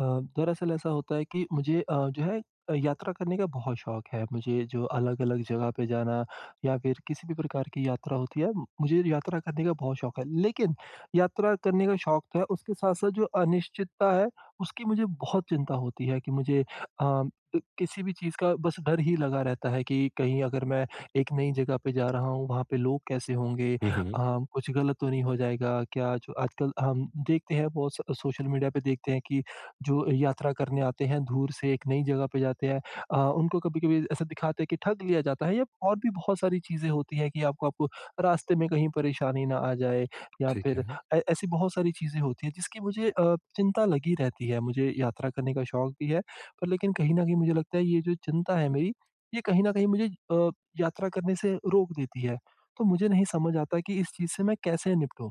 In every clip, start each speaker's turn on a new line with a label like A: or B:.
A: अ, दरअसल ऐसा होता है कि मुझे अ, जो है अ, यात्रा करने का बहुत शौक है, मुझे जो अलग-अलग जगह पे जाना या फिर किसी भी प्रकार की यात्रा होती है, मुझे यात्रा करने का बहुत शौक है। लेकिन यात्रा करने का शौक तो है उसके साथ-साथ जो अनिश्चितता है, उसकी मुझे बहुत चिंता होती है, कि मुझे अ, क किसी भी चीज़ का बस डर ही लगा रहता है कि कहीं अगर मैं एक नई जगह पे जा रहा हूँ, वहाँ पे लोग कैसे होंगे?
B: हुँ,
A: अ,
B: हुँ।
A: कुछ ग़लत तो नहीं हो जाएगा? क्या जो आजकल हम देखते हैं बहुत स सोशल मीडिया पे देखते हैं कि जो यात्रा करने आते हैं, दूर से एक नई जगह पे जाते हैं अ, उनको कभी-कभी ऐसा दिखाते हैं कि ठग लिया जाता है या और भी बहुत सारी चीज़ें होती हैं कि आपको आपको रास्ते में कहीं परेशानी ना आ जाए। या
B: ठीक
A: फिर
B: है।
A: ए ऐसी बहुत सारी चीज़ें होती हैं जिसकी मुझे अ, चिंता लगी रहती है, मुझे यात्रा करने का शौक भी है पर लेकिन कहीं न कहीं मुझे लगता है ये जो चिंता है मेरी, ये कहीं न कहीं मुझे अ, यात्रा करने से रोक देती है। तो मुझे नहीं समझ आता कि इस चीज़ से मैं कैसे निपटूँ?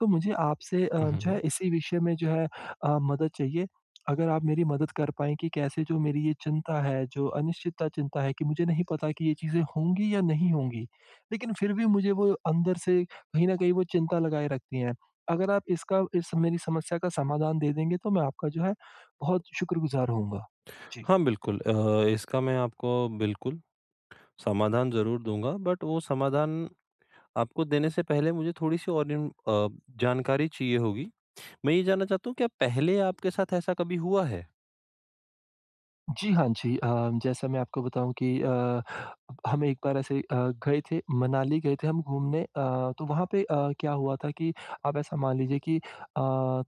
A: तो मुझे आपसे अ,
B: हुँ,
A: जो है
B: हुँ।
A: इसी विषय में जो है अ, मदद चाहिए, अगर आप मेरी मदद कर पाएँ कि कैसे जो मेरी ये चिंता है, जो अनिश्चितता चिंता है, कि मुझे नहीं पता कि ये चीज़ें होंगी या नहीं होंगी, लेकिन फिर भी मुझे वो अंदर से कहीं न कहीं वो चिंता लगाए रखती हैं। अगर आप इसका इस मेरी समस्या का समाधान दे देंगे तो मैं आपका जो है बहुत शुक्रगुज़ार होऊँगा। जी।
B: हाँ, बिल्कुल अ, इसका मैं आपको बिल्कुल, समाधान ज़रूर दूँगा, बट वो समाधान आपको देने से पहले मुझे थोड़ी-सी और इन अ, जानकारी चाहिए होगी। मैं ये जानना चाहता हूँ क्या पहले आपके साथ ऐसा कभी हुआ है?
A: जी, हाँ जी। अ, जैसा मैं आपको बताऊँ कि अ, हम एक बार ऐसे अ, गए थे मनाली गए थे हम घूमने अ, तो वहाँ पे अ, क्या हुआ था कि आप ऐसा मान लीजिए कि अ,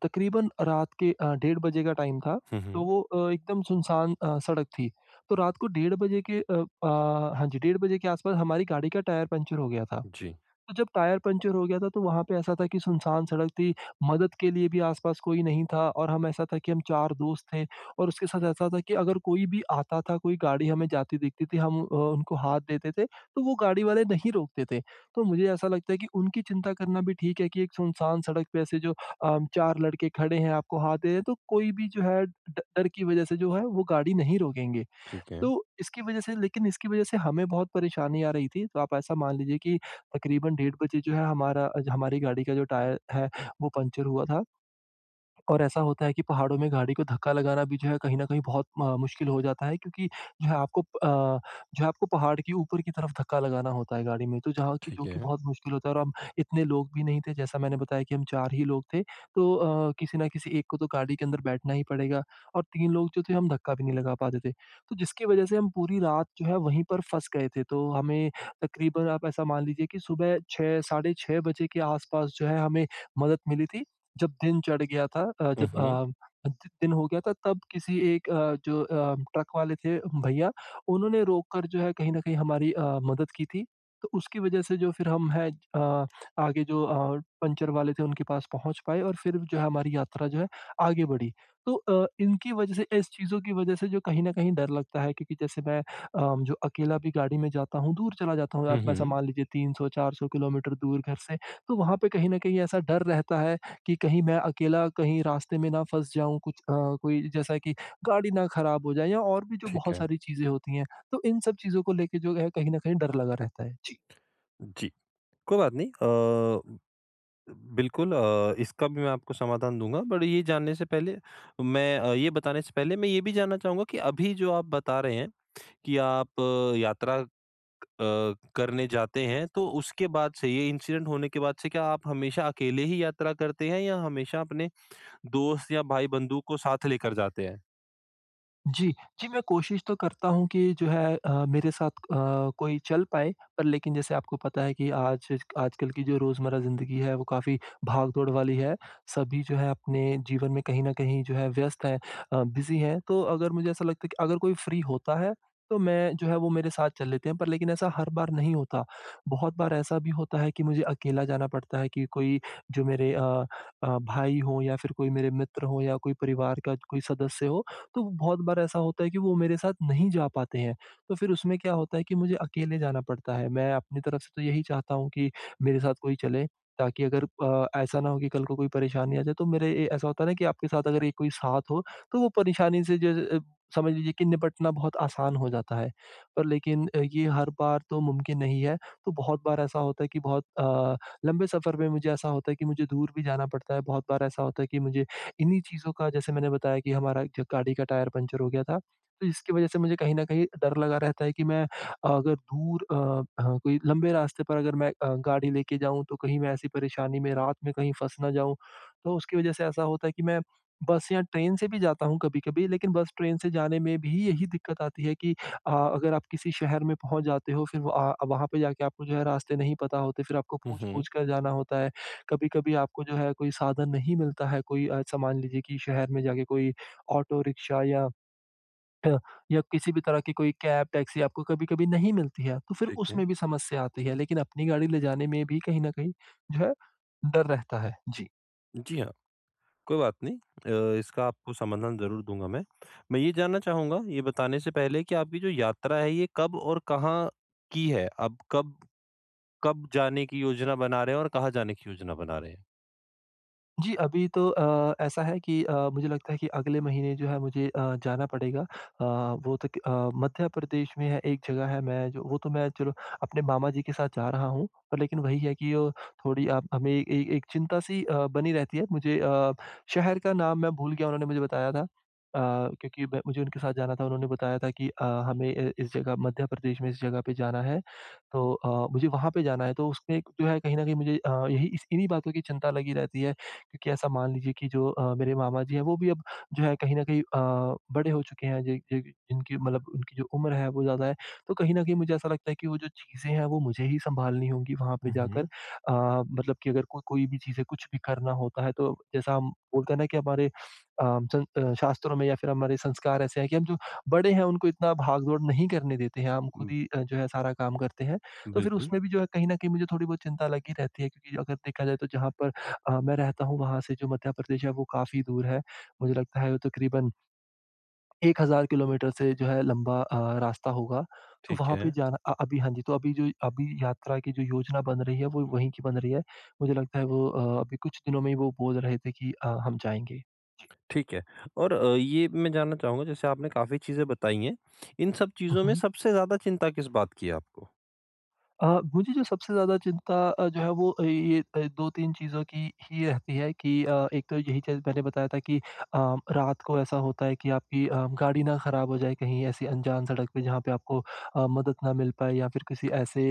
A: तकरीबन रात के अ, डेढ़ बजे का टाइम था।
B: हुँ,
A: तो
B: हुँ।
A: वो अ, एकदम सुनसान अ, सड़क थी, तो रात को डेढ़ बजे के अ अ, हाँ जी डेढ़ बजे के आस-पास हमारी गाड़ी का टायर पंक्चर हो गया था।
B: जी।
A: तो जब टायर पंक्चर हो गया था तो वहाँ पे ऐसा था कि सुनसान सड़क थी, मदद के लिए भी आस-पास कोई नहीं था और हम ऐसा था कि हम 4 दोस्त थे और उसके साथ ऐसा था कि अगर कोई भी आता था, कोई गाड़ी हमें जाती दिखती थी हम अ, उनको हाथ देते थे, तो वो गाड़ी वाले नहीं रोकते थे। तो मुझे ऐसा लगता है कि उनकी चिंता करना भी ठीक है कि एक सुनसान सड़क पे ऐसे जो अ, 4 लड़के खड़े हैं, आपको हाथ दे रहे है, तो कोई भी जो है ड डर की वजह से जो है वो गाड़ी नहीं रोकेंगे।
B: ठीक है।
A: तो, इसकी वजह से लेकिन इसकी वजह से हमें बहुत परेशानी आ रही थी, तो आप ऐसा मान लीजिए कि तकरीबन डेढ़ बजे जो है हमारा अज हमारी गाड़ी का जो टायर है वो पंक्चर हुआ था। और ऐसा होता है कि पहाड़ों में गाड़ी को धक्का लगाना भी जो है कहीं न कहीं बहुत म मुश्किल हो जाता है, क्योंकि जो है आपको अ, जो है आपको पहाड़ के ऊपर की तरफ धक्का लगाना होता है गाड़ी में, तो जहाँ की जो
B: ठीक
A: कि
B: है।
A: बहुत मुश्किल होता है और हम इतने लोग भी नहीं थे जैसा मैंने बताया कि हम 4 ही लोग थे। तो अ, किसी ना किसी एक को तो गाड़ी के अंदर बैठना ही पड़ेगा और 3 लोग जो थे हम धक्का भी नहीं लगा पाते थे। तो जिसकी वजह से हम पूरी रात जो है वहीं पर फँस गए थे, तो हमें तकरीबन आप ऐसा मान लीजिए कि सुबह 6 साढ़े 6 बजे के आस-पास जो है हमें मदद मिली थी, जब दिन चढ़ गया था। अ, जब
B: उहुँ।
A: अ, द दिन हो गया था तब किसी एक अ, जो अ, ट्रक वाले थे भईया, उन्होंने रोक कर जो है कहीं न कहीं हमारी अ, मदद की थी। तो उसकी वजह से जो फिर हम हैं अ, आगे जो अ, पंक्चर वाले थे उनके पास पहुँच पाए और फिर जो है हमारी यात्रा जो है आगे बढ़ी। तो अ, इनकी वजह से इस चीजों की वजह से जो कहीं न कहीं डर लगता है क्योंकि जैसे मैं अ, जो अकेला भी गाड़ी में जाता हूँ, दूर चला जाता हूँ,
B: हुँ,
A: आप ऐसा
B: हुँ।
A: मान लीजिए 300-400 किलोमीटर दूर घर से, तो वहाँ पे कहीं न कहीं ऐसा डर रहता है कि कहीं मैं अकेला कहीं रास्ते में ना फँस जाऊँ, कुछ अ, कोई जैसा कि गाड़ी ना खराब हो जाए या और भी जो
B: ठीक
A: बहुत
B: है।
A: सारी चीजें होती हैं, तो इन सब चीजों को लेके जो है कहीं न कहीं डर लगा रहता है। जी।
B: जी। कोई बात नहीं अ, बिल्कुल अ, इसका भी मैं आपको समाधान दूँगा, बट ये जानने से पहले मैं अ, ये बताने से पहले मैं ये भी जानना चाहूँगा कि अभी जो आप बता रहे हैं, कि आप यात्रा अ, करने जाते हैं। तो उसके बाद से ये इंसिडेंट होने के बाद से, क्या आप हमेशा अकेले ही यात्रा करते हैं या हमेशा अपने दोस्त या भाई-बंधु को साथ लेकर जाते हैं?
A: जी। जी, मैं कोशिश तो करता हूँ कि जो है अ, मेरे साथ अ, कोई चल पाए पर लेकिन जैसे आपको पता है कि आज आजकल की जो रोज़मर्रा ज़िंदगी है वो काफ़ी भाग-दौड़ वाली है। सभी जो है अपने जीवन में कहीं न कहीं जो है व्यस्त है अ, बिज़ी है। तो अगर मुझे ऐसा लगता है कि अगर कोई फ्री होता है तो मैं जो है वो मेरे साथ चल लेते हैं पर लेकिन ऐसा हर बार नहीं होता। बहुत बार ऐसा भी होता है कि मुझे अकेला जाना पड़ता है कि कोई जो मेरे अ अ, भाई हो या फ़िर कोई मेरे मित्र हो या कोई परिवार का कोई सदस्य हो, तो बहुत बार ऐसा होता है कि वो मेरे साथ नहीं जा पाते हैं। तो फ़िर उसमें क्या होता है कि मुझे अकेले जाना पड़ता है। मैं अपनी तरफ से तो यही चाहता हूँ कि मेरे साथ कोई चले ताकि अगर अ, ऐसा ना हो कि कल को कोई परेशानी आ जाए तो मेरे ए ऐसा होता है ना कि आपके साथ अगर कोई साथ हो, तो वो परेशानी से ज अ, समझ लीजिए कि निपटना बहुत आसान हो जाता है। पर लेकिन ये हर बार तो मुमकिन नहीं है। तो बहुत बार ऐसा होता है कि बहुत अ, लंबे सफर में मुझे ऐसा होता है कि मुझे दूर भी जाना पड़ता है। बहुत बार ऐसा होता है कि मुझे इन्हीं चीज़ों का जैसे मैंने बताया कि हमारा एक जगह गाड़ी का टायर पंचर हो गया था। तो इसकी वज़ह से मुझे कहीं न कहीं डर लगा रहता है कि मैं अगर दूर अ अ, कोई लंबे रास्ते पर अगर मैं अ, गाड़ी लेके जाऊँ तो कहीं मैं ऐसी परेशानी में, रात में कहीं फँस ना जाऊँ। तो उसकी वज़ह से ऐसा होता है कि मैं बस या ट्रेन से भी जाता हूँ कभी-कभी, लेकिन बस ट्रेन से जाने में भी यही दिक्कत आती है कि अ, अगर आप किसी शहर में पहुँच जाते हो फ़िर व वहाँ पे जाके आपको जो है रास्ते नहीं पता होते फ़िर आपको
B: हुँ, हुँ।
A: पूछ-पूछ कर जाना होता है। कभी-कभी आपको जो है कोई साधन नहीं मिलता है, कोई अ, ऐसा मान लीजिए कि शहर में जाके कोई ऑटो रिक्शा या ह या किसी भी तरह की कोई कैब-टैक्सी आपको कभी-कभी नहीं मिलती है। तो फ़िर
B: ठीक है।
A: उसमें भी समस्या आती है लेकिन अपनी गाड़ी ले जाने में भी कहीं न कहीं जो है डर रहता है। जी।
B: जी हाँ। कोई बात नहीं। अ, इसका आपको समाधान ज़रूर दूँगा मैं। मैं ये जानना चाहूँगा, ये बताने से पहले कि आपकी जो यात्रा है ये कब और कहाँ की है? अब कब, कब जाने की योजना बना रहे हैं? और कहाँ जाने की योजना बना रहे हैं?
A: जी अभी तो अ, ऐसा है कि अ, मुझे लगता है कि अगले महीने जो है मुझे अ, जाना पड़ेगा। अ, वो तो अ, मध्य प्रदेश में है एक जगह है मैं जो वो तो मैं चलो अपने मामाजी के साथ जा रहा हूँ। लेकिन वही है कि अ, थोड़ी आप हमें ए एक चिंता सी अ, बनी रहती है। मुझे अ, शहर का नाम मैं भूल गया उन्होंने मुझे बताया था। अ, क्योंकि म मुझे उनके साथ जाना था उन्होंने बताया था कि अ, हमें अ, इस जगह मध्य प्रदेश में इस जगह, पे जाना है, तो अ, मुझे वहाँ पे जाना है। तो उसमें जो है कहीं न कहीं मुझे अ, यही इस इन्हीं बातों की चिंता लगी रहती है। क्योंकि ऐसा मान लीजिए कि जो अ, मेरे मामा जी है वो भी अब जो है कहीं न कहीं अ, बड़े हो चुके हैं ज ज जिनकी मतलब उनकी जो उम्र है वो ज़्यादा है। तो कहीं न कहीं मुझे ऐसा लगता है कि वो जो चीज़े हैं वो मुझे ही संभालनी होंगी वहाँ पे
B: हुँ,
A: जाकर।
B: हुँ।
A: अ, मतलब कि अगर को कोई भी चीज़ है, कुछ भी करना होता है तो जैसा हम बोलते हैं ना कि हमारे अ, सं अ, शास्त्रों में या फिर हमारे संस्कार ऐसे है कि हम जो बड़े हैं उनको इतना भाग-दौड़ नहीं करने देते हैं। हम खुद
B: उम
A: ही जो है सारा काम करते हैं। तो फिर
B: बिल्कुल।
A: उसमें भी जो है कहीं न कहीं मुझे थोड़ी-बहुत चिंता लगी रहती है क्योंकि अगर देखा जाए तो जहाँ पर अ, मैं रहता हूँ वहाँ से जो मध्य प्रदेश है वो काफ़ी दूर है। मुझे लगता है वो तक़रीबन 1000 किलोमीटर से जो है लंबा अ, रास्ता होगा। तो
B: ठीक
A: वहाँ पे
B: है।
A: जाना अ, अभी हाँ जी, तो अभी जो अभी यात्रा की जो योजना बन रही है वो वही कि बन रही है। मुझे लगता है वो अ, अभी कुछ दिनों में ही वो बोल रहे थे कि अ, हम जाएँगे।
B: ठीक है। और अ, ये मैं जानना चाहूँगा जैसे आपने काफ़ी चीज़ें बताई हैं। इन सब
A: हुँ,
B: चीज़ों में
A: हुँ।
B: सबसे ज़्यादा चिंता किस बात की है आपको?
A: अ, मुझे जो सबसे ज़्यादा चिंता जो है वो ये 2-3 चीज़ों की ही रहती है कि अ, एक तो यही चीज़ मैंने बताया था कि अ, रात को ऐसा होता है कि आपकी अ, गाड़ी ना ख़राब हो जाए। कहीं ऐसी अनजान सड़क पे जहाँ पे आपको अ, मदद ना मिल पाए या फिर किसी ऐसे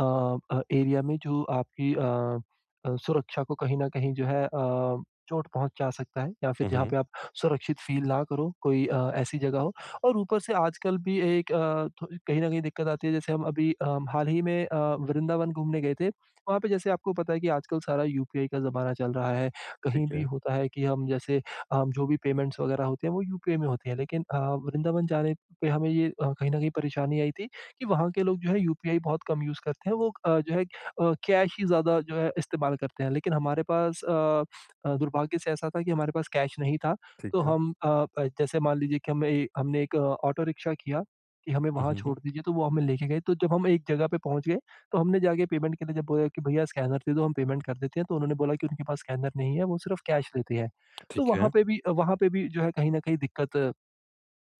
A: अ, एरिया में जो आपकी अ अ, सुरक्षा को कहीं न कहीं जो है अ, चोट पहुँचा सकता है या फिर
B: हुँ,
A: जहाँ पे
B: हुँ।
A: आप सुरक्षित फ़ील ना करो कोई अ, ऐसी जगह हो और ऊपर से आजकल भी एक अ, थो कहीं न कहीं दिक्कत आती है। जैसे हम अभी अ, हाल ही में अ, वृंदावन घूमने गए थे वहाँ पे जैसे आपको पता है कि आजकल सारा यूपीआई का ज़माना चल रहा है। कहीं
B: ठीक
A: भी
B: है।
A: होता है कि हम जैसे अ, जो भी पेमेंट्स वग़ैरह होते हैं वो यूपीआई में होते हैं। लेकिन अ, वृंदावन जाने पे हमें ये कहीं न कहीं परेशानी आई थी कि वहाँ के लोग जो है यूपीआई बहुत कम यूज़ करते हैं। वो अ, जो है अ, कैश ही ज़्यादा जो है इस्तेमाल करते हैं। लेकिन हमारे पास अ, दुर्भाग्य से ऐसा था कि हमारे पास कैश नहीं था
B: ठीक
A: तो
B: है।
A: हम अ, जैसे मान लीजिए कि हमें ए हमने एक ऑटो रिक्शा किया कि हमें
B: हुँ,
A: वहाँ
B: हुँ, हुँ।
A: छोड़ दीजिए। तो वो हमें लेके गए तो जब हम एक जगह पे पहुँच गए तो हमने जाके पेमेंट के लिए जब बोला कि भैया स्कैनर दे दो हम पेमेंट कर देते हैं। तो उन्होंने बोला कि उनके पास स्कैनर नहीं है वो सिर्फ़ कैश लेते हैं। तो
B: ठीक
A: वहाँ
B: है।
A: पे भी वहाँ पे भी जो है कहीं न कहीं दिक्कत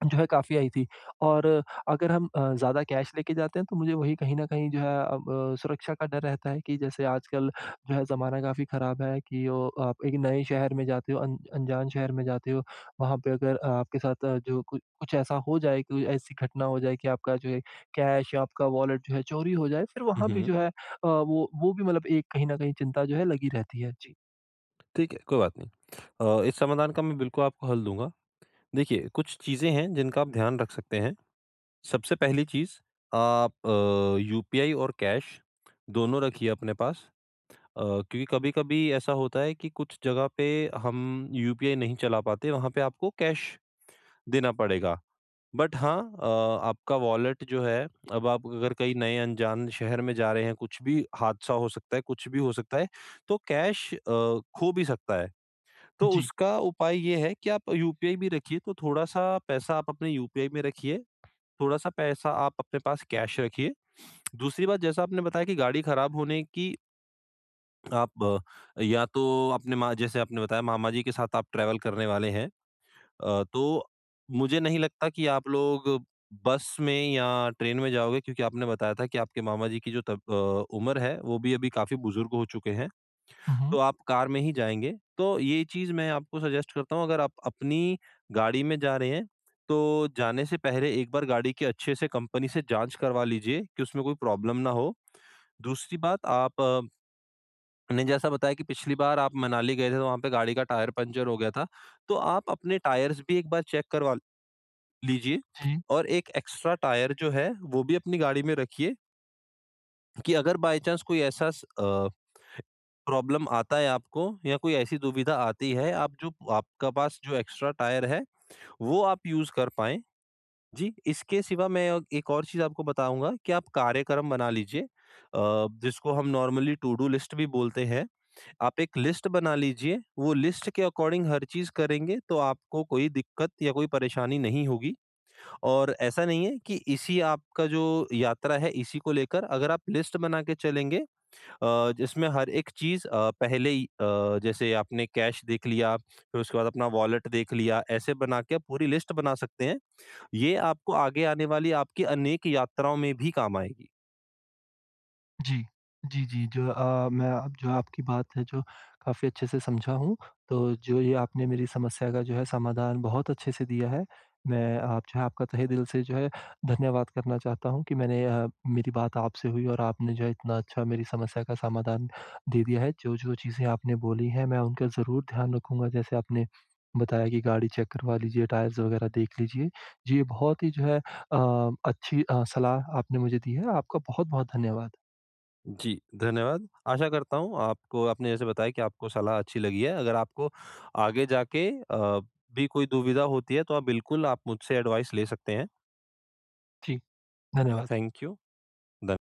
A: जो है काफ़ी आई थी। और अगर हम अ, ज़्यादा कैश लेके जाते हैं। तो मुझे वही कहीं न कहीं जो है अब सुरक्षा का डर रहता है कि जैसे आजकल जो है ज़माना काफ़ी ख़राब है कि अ, आप एक नए शहर में जाते हो, अन अनजान शहर में जाते हो। वहाँ पे अगर आपके साथ जो कु कुछ ऐसा हो जाए कोई ऐसी घटना हो जाए कि आपका जो है कैश या आपका वॉलेट जो है चोरी हो जाए। फिर
B: हुँ,
A: वहाँ पे जो
B: हुँ।
A: है अ, वो वो भी मतलब एक कहीं न कहीं चिंता जो है लगी रहती है। जी।
B: ठीक है, कोई बात नहीं। अ, इस समाधान का मैं बिल्कुल आपको हल दूँगा। देखिए, कुछ चीज़ें हैं जिनका आप ध्यान रख सकते हैं। सबसे पहली चीज़ आप अ, यूपीआई और कैश दोनों रखिए अपने पास अ, क्योंकि कभी-कभी ऐसा होता है कि कुछ जगह पे हम यूपीआई नहीं चला पाते, वहाँ पे आपको कैश देना पड़ेगा। बट हाँ अ, आपका वॉलेट जो है, अब आप अगर कहीं नए अनजान शहर में जा रहे हैं, कुछ भी हादसा हो सकता है, कुछ भी हो सकता है, तो कैश अ, खो भी सकता है। तो
A: जी।
B: उसका उपाय ये है कि आप यूपीआई भी रखिए, तो थोड़ा-सा पैसा आप अपने यूपीआई में रखिए, थोड़ा-सा पैसा आप अपने पास कैश रखिए। दूसरी बात जैसा आपने बताया कि गाड़ी खराब होने की आप या तो आपने मा जैसे आपने बताया मामा जी के साथ आप ट्रैवल करने वाले हैं। अ, तो मुझे नहीं लगता कि आप लोग बस में या ट्रेन में जाओगे क्योंकि आपने बताया था कि आपके मामा जी की जो तब अ, उम्र है वो भी अभी काफ़ी बुज़ुर्ग हो चुके हैं।
A: हुँ, हुँ।
B: तो आप कार में ही जाएँगे, तो ये चीज़ मैं आपको सजेस्ट करता हूँ अगर आप अपनी गाड़ी में जा रहे हैं, तो जाने से पहले एक बार गाड़ी की अच्छे से कंपनी से जाँच करवा लीजिए, कि उसमें कोई प्रॉब्लम ना हो। दूसरी बात आप ने जैसा बताया कि पिछली बार आप मनाली गए थे, तो वहाँ पे गाड़ी का टायर पंक्चर हो गया था। तो आप अपने टायर्स भी एक बार चेक करवा लीजिए
A: जी।
B: और एक एक्स्ट्रा टायर जो है वो भी अपनी गाड़ी में रखिए। कि अगर बाए चांस कोई ऐसा स अ, प्रॉब्लम आता है आपको या कोई ऐसी दुविधा आती है आप जो आपका पास जो एक्स्ट्रा टायर है, वो आप यूज़ कर पाएँ। जी, इसके सिवा मैं अग एक और चीज़ आपको बताऊँगा कि आप कार्यक्रम बना लीजिए अ, जिसको हम नॉर्मली टूडू लिस्ट भी बोलते हैं। आप एक लिस्ट बना लीजिए, वो लिस्ट के अकॉर्डिंग हर चीज़ करेंगे तो आपको कोई दिक्कत या कोई परेशानी नहीं होगी। और ऐसा नहीं है कि इसी आपका जो यात्रा है इसी को लेकर अगर आप लिस्ट बना के चलेंगे अ, जिसमें हर एक चीज़ अ, पहले ही अ, जैसे आपने कैश देख लिया, फिर उसके बाद अपना वॉलेट देख लिया ऐसे बना के आप पूरी लिस्ट बना सकते हैं। ये आपको आगे आने वाली आपकी अनेक यात्राओं में भी काम आएगी।
A: जी। जी, जी, जो अ, मैं अ, जो आपकी बात है जो काफ़ी अच्छे से समझा हूँ। तो जो ये आपने मेरी समस्या का जो है समाधान बहुत अच्छे से दिया है। मैं आप जो है आपका तहे दिल से जो है धन्यवाद करना चाहता हूँ कि मैंने अ, मेरी बात आपसे हुई और आपने जो है इतना अच्छा मेरी समस्या का समाधान दे दिया है। जो-जो चीज़ें आपने बोली हैं मैं उनका ज़रूर ध्यान रखूँगा जैसे आपने बताया कि गाड़ी चेक करवा लीजिए, टायर्स वगैरह देख लीजिए। जी, ये बहुत ही जो है अ, अच्छी अ, सलाह आपने मुझे दी है, आपका बहुत-बहुत धन्यवाद।
B: जी, धन्यवाद। आशा करता हूँ आपको आपने जैसे बताया कि आपको सलाह अच्छी लगी है। अगर आपको आगे जाके अ, भी कोई दुविधा होती है तो आप बिल्कुल आप मुझसे एडवाइस ले सकते हैं।
A: जी, धन्यवाद।
B: Thank you. धन